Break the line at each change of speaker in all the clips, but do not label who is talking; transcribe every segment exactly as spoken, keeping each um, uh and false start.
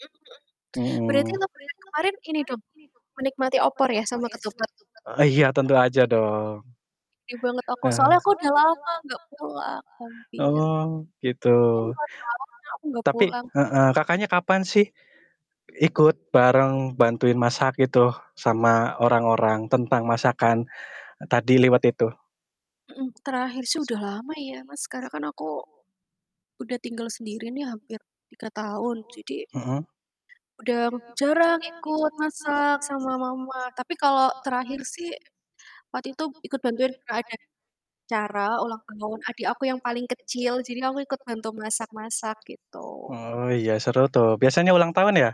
Mhm. Berarti
Mhm.
lebaran kemarin ini dong, menikmati opor ya sama ketupat?
Eee, iya tentu aja dong.
Sedih banget aku
Heeh.
soalnya aku, udah lama gak pulang, hampir
Oh,
mungkin
gitu.
dua tahun ya aku gak
Tapi
pulang.
heeh, Kakaknya kapan sih ikut bareng bantuin masak gitu, sama orang-orang tentang masakan, eee, tadi liwet itu?
Mhm. Terakhir sih udah lama ya, Mas, sekarang kan aku, udah tinggal sendiri nih hampir tiga tahun jadi
Mhm.
udah jarang ikut masak sama mama, tapi kalau terakhir sih waktu itu ikut bantuin kalau ada acara ulang tahun adik aku yang paling kecil. Jadi aku ikut bantu masak-masak gitu.
Oh, iya seru tuh. Biasanya ulang tahun ya?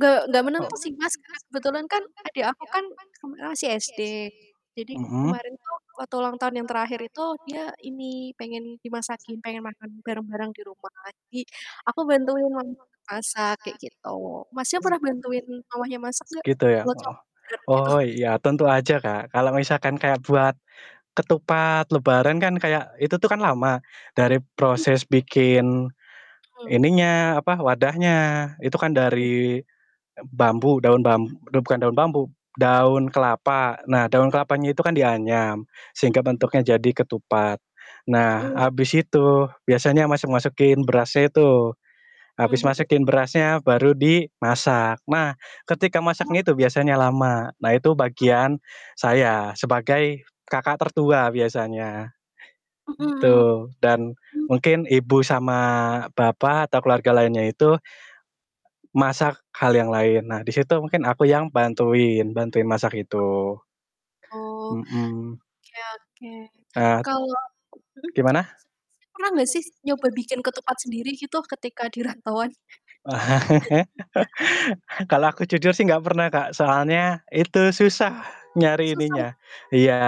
Gak gak
Oh
menentu sih,
mhm.
Mas, karena kebetulan kan adek aku kan kemarin masih SD. Jadi ke kemarin tuh waktu ulang tahun yang terakhir itu dia ini pengen dimasakin, pengen makan barang-barang di rumah. Jadi aku bantuin mamah masak kayak gitu. Masnya pernah bantuin mamahnya masak gak?
Gitu ya,
Kalau
heeh.
cowok jarang gitu.
Oh, ya iya tentu aja, Kak. Kalau misalkan kayak buat ketupat lebaran kan kayak itu tuh kan lama, dari
Mhm.
proses bikin
Mhm.
ininya, apa, wadahnya itu kan
Mmm.
dari, eee, bambu daun bam bukan daun bambu, daun kelapa, nah daun kelapanya itu kan dianyam sehingga
Mmm, mhm.
bentuknya jadi ketupat. Nah,
Mhm.
habis itu biasanya masuk-masukin berasnya itu,
Mmm,
habis
mhm.
masukin berasnya baru dimasak, nah ketika masaknya
Kenapa?
itu biasanya lama. Nah itu bagian
M
saya, sebagai kakak
M
tertua biasanya,
Mhm.
gitu, dan
Mmm.
mungkin ibu sama bapak atau keluarga lainnya itu masak hal yang lain. Nah di situ mungkin aku yang bantuin, bantuin masak itu.
Oh,
Mhm.
oke oke.
Nah
Kalau mhm,
gimana?
si Masnya pernah gak sih s nyoba bikin ketupat sendiri gitu ketika di rantauan?
Kalau aku jujur sih gak pernah, Kak, soalnya itu susah nyari
Susah ya?
ininya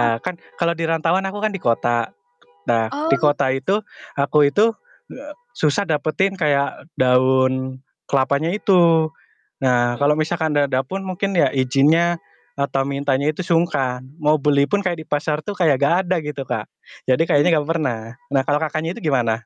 Ah.
kan kalau di rantauan, aku kan di kota, nah di
Oh.
kota itu aku itu, susah dapetin kayak daun kelapanya itu. Nah
Mhm.
kalau misalkan udah ada pun mungkin ya izinnya atau mintanya itu sungkan, mau beli pun kayak di pasar tuh kayak gak ada gitu, Kak. Jadi
Mhm.
kayaknya gak pernah. Nah kalau Kakaknya
M
itu gimana?